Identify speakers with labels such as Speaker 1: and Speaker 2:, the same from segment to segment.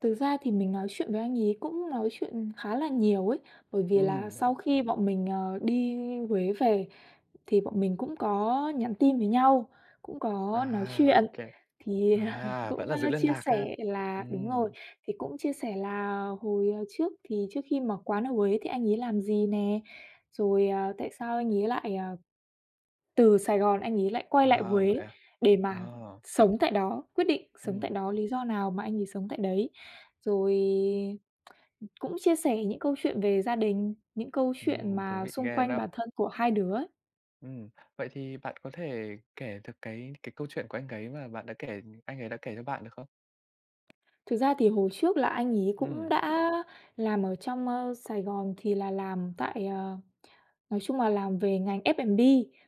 Speaker 1: Thực ra thì mình nói chuyện với anh ấy cũng nói chuyện khá là nhiều ấy, bởi vì là
Speaker 2: Ừm, vậy à?
Speaker 1: sau khi bọn mình, ờ, đi Huế về thì bọn mình cũng có nhắn tin với nhau, cũng có nói
Speaker 2: À,
Speaker 1: chuyện
Speaker 2: OK.
Speaker 1: thì, à,
Speaker 2: À, vẫn
Speaker 1: cũng,
Speaker 2: là giữ
Speaker 1: a,
Speaker 2: liên
Speaker 1: chia
Speaker 2: lạc ha?
Speaker 1: sẻ là đúng rồi.
Speaker 2: Ừm.
Speaker 1: Thì cũng chia sẻ là hồi, à, trước thì trước khi mở quán ở Huế thì anh ấy làm gì nè, rồi, à, tại sao anh ấy lại, à, từ Sài Gòn anh ấy lại quay lại
Speaker 2: À, vậy
Speaker 1: Huế
Speaker 2: à?
Speaker 1: để mà
Speaker 2: À.
Speaker 1: sống tại đó, quyết định sống tại
Speaker 2: Ừm.
Speaker 1: đó, lý do nào mà anh ấy sống tại đấy. Rồi, cũng chia sẻ những câu chuyện về gia đình, những câu chuyện
Speaker 2: Ừm, thú
Speaker 1: mà
Speaker 2: vị
Speaker 1: xung
Speaker 2: ghê
Speaker 1: quanh
Speaker 2: đó.
Speaker 1: bản thân của hai đứa.
Speaker 2: Ừm, vậy thì bạn có thể kể được cái cái câu chuyện của anh ấy mà bạn đã kể ừm, anh ấy đã kể cho bạn được không?
Speaker 1: Thực ra thì hồi trước là anh ấy cũng
Speaker 2: Ừm.
Speaker 1: đã làm ở trong, ơ, Sài Gòn thì là làm tại ờ, nói chung là làm về ngành F&B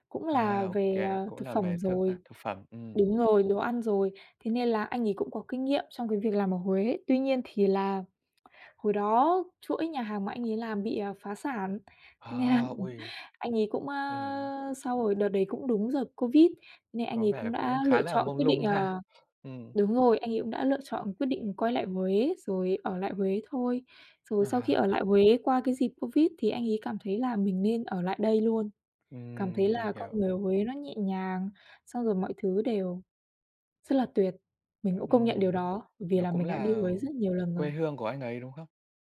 Speaker 1: cũng là
Speaker 2: À, OK,
Speaker 1: về, ờ,
Speaker 2: cũng
Speaker 1: thực
Speaker 2: là
Speaker 1: phẩm
Speaker 2: về thức a,
Speaker 1: rồi
Speaker 2: thực phẩm, ừm.
Speaker 1: đúng rồi, đồ ăn rồi, thế nên là anh ấy cũng có kinh nghiệm trong cái việc làm ở Huế. Tuy nhiên thì là hồi đó chuỗi nhà hàng mà anh ấy làm bị, à, phá sản, thế nên là
Speaker 2: À, ôi!
Speaker 1: anh ấy cũng,
Speaker 2: Ừm.
Speaker 1: a, sau rồi đợt đấy cũng đúng đợt Covid, nên anh
Speaker 2: Có
Speaker 1: ấy
Speaker 2: vẻ là
Speaker 1: cũng đã
Speaker 2: cũng khá
Speaker 1: lựa
Speaker 2: là
Speaker 1: chọn
Speaker 2: mông
Speaker 1: quyết định
Speaker 2: lung ha,
Speaker 1: ờ,
Speaker 2: ừm.
Speaker 1: đúng rồi, anh ấy cũng đã lựa chọn quyết định quay lại Huế rồi ở lại Huế thôi. Rồi sau khi
Speaker 2: À.
Speaker 1: ở lại Huế qua cái dịp Covid thì anh ấy cảm thấy là mình nên ở lại đây luôn, cảm thấy
Speaker 2: Ừm, mình
Speaker 1: là con
Speaker 2: hiểu.
Speaker 1: người ở Huế nó nhẹ nhàng, xong rồi mọi thứ đều rất là tuyệt, mình cũng công nhận điều
Speaker 2: Ừm,
Speaker 1: đó bởi vì
Speaker 2: nó
Speaker 1: là
Speaker 2: cũng
Speaker 1: mình đã đi
Speaker 2: là
Speaker 1: Huế rất nhiều lần
Speaker 2: quê
Speaker 1: rồi.
Speaker 2: hương của anh ấy, đúng không?